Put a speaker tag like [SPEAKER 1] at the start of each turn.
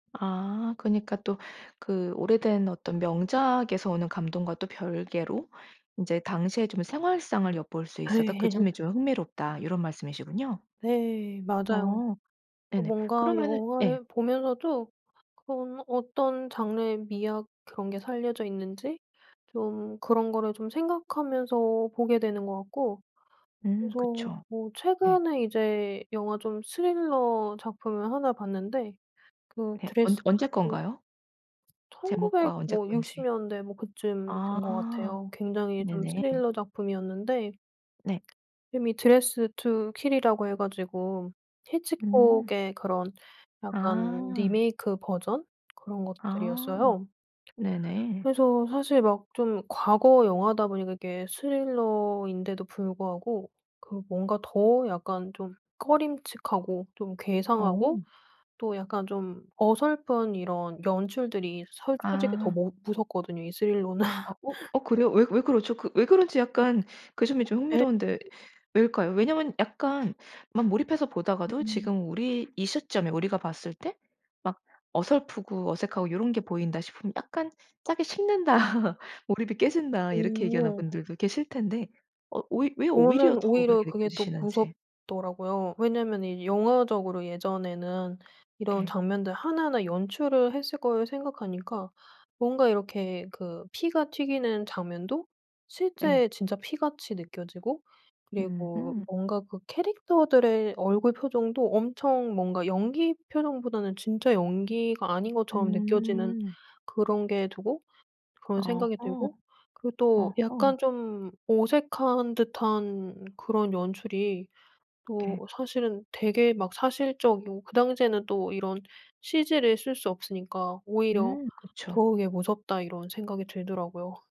[SPEAKER 1] 아 그니까 또 그 오래된 어떤 명작에서 오는 감동과 또 별개로 인제 당시에 좀 생활상을 엿볼 수 있어서 그 점이
[SPEAKER 2] 예.
[SPEAKER 1] 좀 흥미롭다 요런 말씀이시군요?
[SPEAKER 2] 네. 맞아요.
[SPEAKER 1] 아.
[SPEAKER 2] 어
[SPEAKER 1] 네네.
[SPEAKER 2] 뭔가
[SPEAKER 1] 그러면은 예.
[SPEAKER 2] 영화를 보면서도 아 그런 어떤 장르의 미학 그런 게 살려져 있는지 좀 그런 거를 좀 생각하면서 보게 되는 것 같고
[SPEAKER 1] 음
[SPEAKER 2] 그래서
[SPEAKER 1] 그쵸.
[SPEAKER 2] 뭐
[SPEAKER 1] 네.
[SPEAKER 2] 최근에 이제 영화 좀 스릴러 작품을 하나 봤는데 그
[SPEAKER 1] 네. 언제
[SPEAKER 2] 드레스드
[SPEAKER 1] 언제
[SPEAKER 2] 투
[SPEAKER 1] 건가요?
[SPEAKER 2] 1900
[SPEAKER 1] 제목과 언제
[SPEAKER 2] 뭐 60
[SPEAKER 1] 건지.
[SPEAKER 2] 년대 뭐 그쯤 된 것
[SPEAKER 1] 아.
[SPEAKER 2] 같아요. 굉장히 좀
[SPEAKER 1] 네네.
[SPEAKER 2] 스릴러 작품이었는데
[SPEAKER 1] 네.
[SPEAKER 2] 이름이 드레스드 투 킬이라고 해 가지고
[SPEAKER 1] 음.
[SPEAKER 2] 히치콕의 그런 약간
[SPEAKER 1] 아.
[SPEAKER 2] 리메이크 버전? 그런
[SPEAKER 1] 아
[SPEAKER 2] 것들이었어요.
[SPEAKER 1] 네네.
[SPEAKER 2] 그래서 사실 막 좀 과거 영화다 보니까 이게 스릴러인데도 불구하고 그 뭔가 더 약간 좀 꺼림칙하고 좀 괴상하고
[SPEAKER 1] 어.
[SPEAKER 2] 또 약간 좀 어설픈 이런 연출들이 서 솔직히 더
[SPEAKER 1] 아.
[SPEAKER 2] 모 무섭거든요 이 스릴러는.
[SPEAKER 1] 아어? 어 그래요? 왜 왜 그러죠? 그 왜 그런지 약간 그 점이 좀
[SPEAKER 2] 예.
[SPEAKER 1] 흥미로운데 왜일까요? 왜냐하면 약간 막 몰입해서 보다가도
[SPEAKER 2] 음.
[SPEAKER 1] 지금 우리 이 시점에 우리가 봤을 때 막 어설프고 어색하고 요런 게 보인다 싶으면 약간 "짜게 식는다. 몰입이 깨진다." 이렇게 얘기하는
[SPEAKER 2] 오.
[SPEAKER 1] 분들도 계실 텐데 어 왜 왜 오히려
[SPEAKER 2] 저는
[SPEAKER 1] 더
[SPEAKER 2] 오히려
[SPEAKER 1] 그렇게
[SPEAKER 2] 그게 더
[SPEAKER 1] 느껴지시는지.
[SPEAKER 2] 무섭더라고요. 왜냐하면은 이 영화적으로 예전에는 이런
[SPEAKER 1] 예.
[SPEAKER 2] 장면들 하나하나 연출을 했을 걸 생각하니까 뭔가 이렇게 그 피가 튀기는 장면도
[SPEAKER 1] 예.
[SPEAKER 2] 실제 진짜 피같이 느껴지고 그리고
[SPEAKER 1] 으흠.
[SPEAKER 2] 뭔가 그 캐릭터들의 얼굴 표정도 엄청 뭔가 연기 표정보다는 진짜 연기가 아닌 것처럼 느껴지는
[SPEAKER 1] 음.
[SPEAKER 2] 그런 게 두고 그런 생각이
[SPEAKER 1] 어허.
[SPEAKER 2] 들고 그리고 또
[SPEAKER 1] 어허.
[SPEAKER 2] 약간 좀 어색한 듯한 그런 연출이 또
[SPEAKER 1] 예.
[SPEAKER 2] 사실은 되게 막 사실적이고 그 당시에는 또 이런 CG를 쓸 수 없으니까 오히려
[SPEAKER 1] 음. 그쵸.
[SPEAKER 2] 더욱에 '무섭다.' 이런 생각이 들더라고요.